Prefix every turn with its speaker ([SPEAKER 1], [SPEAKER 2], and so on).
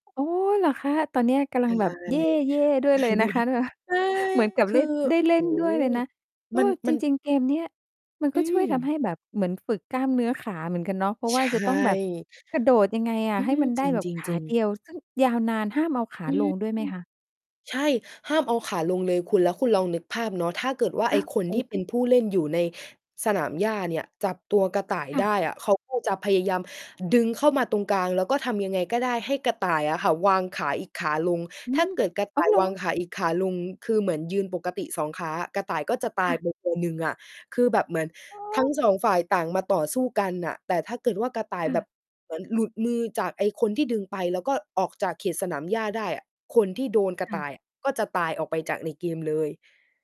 [SPEAKER 1] โอ้ เหรอคะ? ตอนเนี้ยกำ
[SPEAKER 2] ใช่
[SPEAKER 1] ลังแบบ เย่ ๆ ด้วยเลยนะคะเนี่ย
[SPEAKER 2] ใช่
[SPEAKER 1] เหมือนกับ
[SPEAKER 2] ค
[SPEAKER 1] เล
[SPEAKER 2] ื
[SPEAKER 1] ่
[SPEAKER 2] อ
[SPEAKER 1] น ได้
[SPEAKER 2] โอ
[SPEAKER 1] เ
[SPEAKER 2] ้
[SPEAKER 1] ล่
[SPEAKER 2] โฮ
[SPEAKER 1] นด้วยเลยนะ เอ
[SPEAKER 2] มัน
[SPEAKER 1] อ จ
[SPEAKER 2] มัน
[SPEAKER 1] ริง ๆ เกมเนี่ย มันก
[SPEAKER 2] อ
[SPEAKER 1] ็
[SPEAKER 2] ื
[SPEAKER 1] ช่วยท
[SPEAKER 2] ม
[SPEAKER 1] ำให้แบบ เหมือนฝึกกล้ามเนื้อขาเหมือนกันเนาะ เพราะ
[SPEAKER 2] ใ
[SPEAKER 1] ว
[SPEAKER 2] ช
[SPEAKER 1] ่าจะต้องแบบ
[SPEAKER 2] ่
[SPEAKER 1] กระโดดยังไงอะ
[SPEAKER 2] อื
[SPEAKER 1] ให้
[SPEAKER 2] อ
[SPEAKER 1] มันไ
[SPEAKER 2] จ
[SPEAKER 1] ด้แบบ
[SPEAKER 2] ริ
[SPEAKER 1] ขา
[SPEAKER 2] ง
[SPEAKER 1] เด
[SPEAKER 2] ๆ ๆ
[SPEAKER 1] ียว ซึ่งยาวนาน ห้ามเอาขา
[SPEAKER 2] อื
[SPEAKER 1] ล
[SPEAKER 2] ม
[SPEAKER 1] งด้วยไหมคะ?
[SPEAKER 2] ใช่ ห้ามเอาขาลงเลยคุณ แล้วคุณลองนึกภาพเนาะ ถ้าเกิดว่า
[SPEAKER 1] อ
[SPEAKER 2] ไอ
[SPEAKER 1] ้
[SPEAKER 2] ้
[SPEAKER 1] าว
[SPEAKER 2] คน
[SPEAKER 1] โอ
[SPEAKER 2] ที
[SPEAKER 1] ้
[SPEAKER 2] ่เป็นผู้เล่นอยู่ในสนามหญ้าเนี่ย จับตัวกระต่าย
[SPEAKER 1] ค่ะ
[SPEAKER 2] ได้อะ เขา ก็ จะพยายามดึงเข้ามาตรงกลาง แล้วก็ทำยังไงก็ได้ ให้กระต่ายอะค่ะวางขาอีกขาลง
[SPEAKER 1] อื
[SPEAKER 2] ถ้า
[SPEAKER 1] ม
[SPEAKER 2] เกิดกระ
[SPEAKER 1] อ
[SPEAKER 2] ต
[SPEAKER 1] ้า
[SPEAKER 2] ่า
[SPEAKER 1] ว
[SPEAKER 2] ย
[SPEAKER 1] เหร
[SPEAKER 2] ว
[SPEAKER 1] อ?
[SPEAKER 2] างขาอีกขาลง คือเหมือนยืนปกติ 2 ขา กระต่ายก็จะต
[SPEAKER 1] ค
[SPEAKER 2] า
[SPEAKER 1] ่
[SPEAKER 2] ย
[SPEAKER 1] ะ
[SPEAKER 2] ไปคน หนึ่งอะ คือแบบเหมือน
[SPEAKER 1] โอ
[SPEAKER 2] ทั้ง
[SPEAKER 1] ้
[SPEAKER 2] 2 ฝ่าย ต่างมาต่อสู้กันน่ะ แต่ถ้าเกิดว่ากระต่าย
[SPEAKER 1] ค่
[SPEAKER 2] แบ
[SPEAKER 1] ะ
[SPEAKER 2] บเหมือนหลุดมือจากไอ้คนที่ดึงไป แล้วก็ออกจากเขตสนามหญ้าได้อะ คนที่โดน
[SPEAKER 1] ค
[SPEAKER 2] กระ
[SPEAKER 1] ่
[SPEAKER 2] ต
[SPEAKER 1] ะ
[SPEAKER 2] ่ายอะ ก็จะตายออกไปจากในเกมเลย